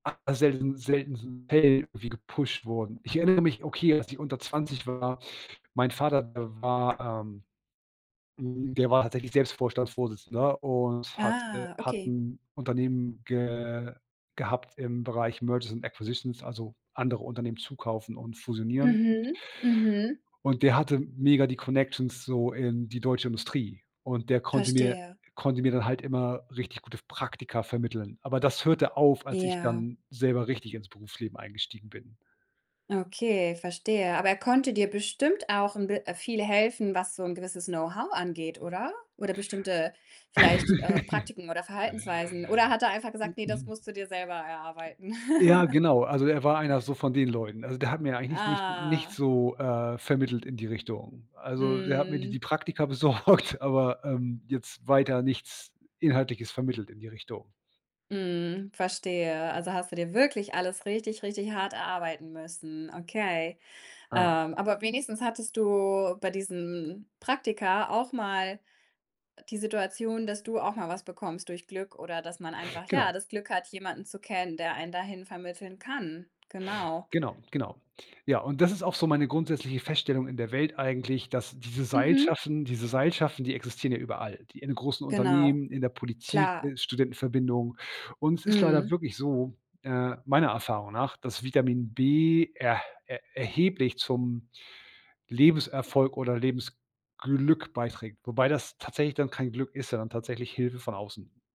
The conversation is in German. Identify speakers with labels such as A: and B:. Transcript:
A: A selten selten so [unintelligible] wie gepusht wurden. Ich erinnere mich okay, als ich unter 20 war mein Vater war, ähm hm, der war tatsächlich selbst Vorstandsvorsitzender und hat, äh
B: Ah,
A: hat
B: okay.
A: 'n Unternehmen ge gehabt im Bereich Merges and Acquisitions, also, andere Unternehmen zukaufen und fusionieren.
B: Mhm, mhm.
A: Und der hatte mega die Connections so in die deutsche Industrie und der konnte mir
B: Verstehe.
A: konnte mir dann halt immer richtig gute f Praktika vermitteln. Aber das hörte auf, als ich
B: Ja.
A: dann selber richtig ins Berufsleben eingestiegen bin.
B: Okay, verstehe. Aber er konnte dir bestimmt auch 'n bi äh, viel helfen, was so 'n gewisses Know-how angeht, oder? Oder bestimmte vielleicht, äh, Praktiken oder Verhaltensweisen? Oder hat er einfach gesagt: „Ne, das
A: M-m.
B: musst du dir selber erarbeiten?“
A: Ja, genau, also, er war einer so von den Leuten. Also, der hat mir eigentlich nicht nicht nichts
B: Ah.
A: so, äh, vermittelt in die Richtung. Also, er hat mir die die
B: Mhm.
A: Praktika besorgt, aber, ähm, jetzt weiter nichts Inhaltliches vermittelt in die Richtung.
B: Mhm, verstehe. Also, hast du dir wirklich alles richtig, richtig hart erarbeiten müssen, okay.
A: Ja.
B: Ähm, aber wenigstens hattest du bei diesen Praktika auch mal, äh, die Situation, dass du auch mal was bekommst durch Glück oder dass man einfach, ja,
A: Genau.
B: das Glück hat, jemanden zu kennen, der einen dahin vermitteln kann. Genau.
A: Genau, genau. Ja, und das ist auch so meine grundsätzliche Feststellung in der Welt eigentlich, dass diese
B: Mhm.
A: Seilschaften diese Seilschaften, die existieren ja überall. Die in großen
B: Genau.
A: Unternehmen, in der Politik,
B: Klar.
A: äh, Studentenverbindungen und es ist leider
B: Mhm.
A: wirklich so, äh, meiner Erfahrung nach, dass Vitamin B erh er erheblich zum Lebenserfolg oder Lebensglück beiträgt, wobei das tatsächlich dann kein Glück ist, sondern tatsächlich Hilfe von außen.